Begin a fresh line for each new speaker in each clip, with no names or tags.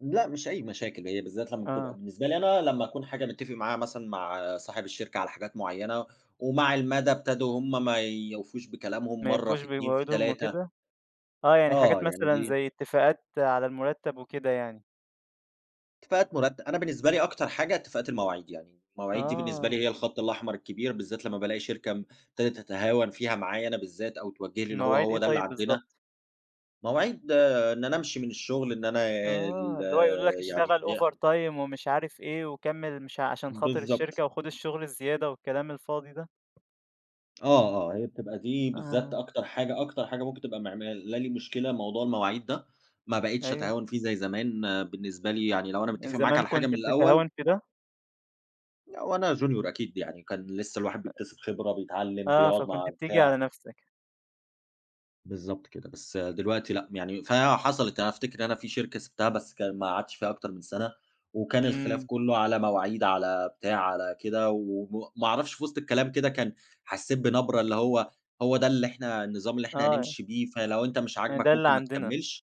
لأ، مش أي مشاكل هي بالذَّات لما بتبقى
آه.
بالنسبة لي أنا، لمّا أكون حاجة مِتَّفِق معاها مثلًا مع صاحب الشركة على حاجات مُعيّنة، ومع المدى ابتدوا هُم ما يوفوش بكلامهم،
ما
مرة
يوفوش
في 2، في
بوعودهم
3
وكده، آه، يعني حاجات
آه، يعني
مثلًا
دي
زي اتِّفاقات على المُرتَّب وكده يعني.
اتِّفاقات مرت أنا بالنسبة لي أكتر حاجة اتِّفاقات المواعيد، يعني المواعيد دي بالنسبة لي
آه.
هي الخطّ الاحمر الكبير، بالذات لمّا بالاقي شركة ابتدت تتهاون فيها معايا أنا بالذّات، أو توجُّه لي اللي هو
المواعيد إيه
هو ده اللي
طيب
عندنا،
بالضبط؟
مواعيد إن أنا أمشي من الشُّغل، إن أنا ال
آه، اللي هو يقولوا لَك
يعني
اشتغل
ي
OverTime ومش عارف إيه، وكَمِّل مش علشان خاطر
بالضبط.
الشركة، وخُد الشُّغل الزيادة والكلام الفاضي ده.
آه، آه، هي بتبقى دي بالذات
آه.
أكتر حاجة أكتر حاجة ممكن تبقى معملالي مشكلة موضوع المواعيد ده، ما بقيتش
أيوه.
أتهاون فيه زي زمان، بالنسبة لي يعني لو أنا
من
مِتَّفق معاك
زمان
على حاجة
كنت
من الأول
بتتهاون في ده.
وأنا Junior أكيد يعني، كان لِسّه الواحد
أ
بيكتسب خبرة، بيتعلِّم،
آه،
بيقعُد
فكنت
مع
بتيجي على
بتاع.
نفسَك.
بالضبط كده، بس دلوقتي لأ، يعني فحصلت أنا أفتكر إن أنا في شركة سِبتها، بس كان ما قعدتش فيها أكتر من سنة، وكان الخلاف
إمم.
كُلّه على مواعيد، على بتاع، على كده، وم ما أعرفش في وسط الكلام كده كان حسّيت بنبرة اللي هو هو ده اللي إحنا النظام اللي إحنا
آه.
هنمشي بيه، فلو أنت مش
ده
عاجبَك
اللي
ممكن ما
عندنا.
تكمِّلش،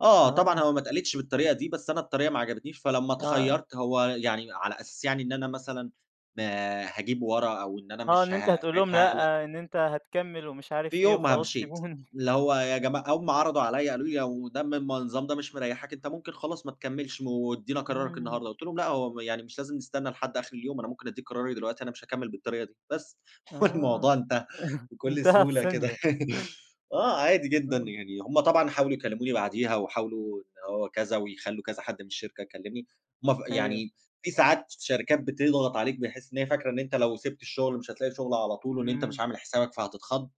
آه، طبعًا
آه.
هو ما اتقالِتش بالطريقة دي، بس أنا الطريقة ما عجبتنيش، فلمّا
آه.
اتخيّرت هو يعني على أساس يعني إن أنا مثلًا ما هاجيب ورا، أو إن أنا
آه، إن
مش ه
أنت هتقول لهم
ساعتها هاقلق.
لأ، إن أنت هتكمِّل ومش
في
عارف إيه
يومها
وخلاص
مشيت،
سيبُوني.
اللي هو يا جماعة هُم عرضُوا عليّا قالوا لي لو ده من النظام ده مش مريحك أنت ممكن خلاص ما تكملش، وادينا قرارَك
إمم.
النهارده، قُلت لهم لأ، هو يعني مش لازم نستنَّى لحد آخر اليوم، أنا ممكن أديك قراري دلوقتي، أنا مش هاكمِّل بالطريقة دي بس،
آه،
والموضوع انتهى بكُلّ
انتهى في
سهولة كده،
ثانية.
آه، عادي جدًا،
آه.
يعني هُم طبعًا حاولوا يكلِّموني بعديها، وحاولوا إن هو كذا، ويخلّوا كذا حد من الشركة يكلِّمني، ما ف
أيوه.
يعني في ساعات شركات بتضغط عليك، بحيث إن هي فاكرة إن أنت لو سِبت الشُغل مش هتلاقي شُغل على طول، وإن أنت مش
إمم.
عامل حسابَك فهتتخض،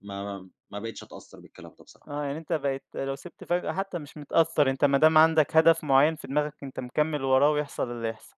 ما ما ما بقتش أتأثّر بالكلام ده بصراحة.
آه، يعني أنت بقيت لو سِبت فجأة حتى مش متأثَّر، أنت ما دام عندَك هدَف مُعيّن في دماغَك، أنت مكمِّل وراه ويحصل اللي يحصل.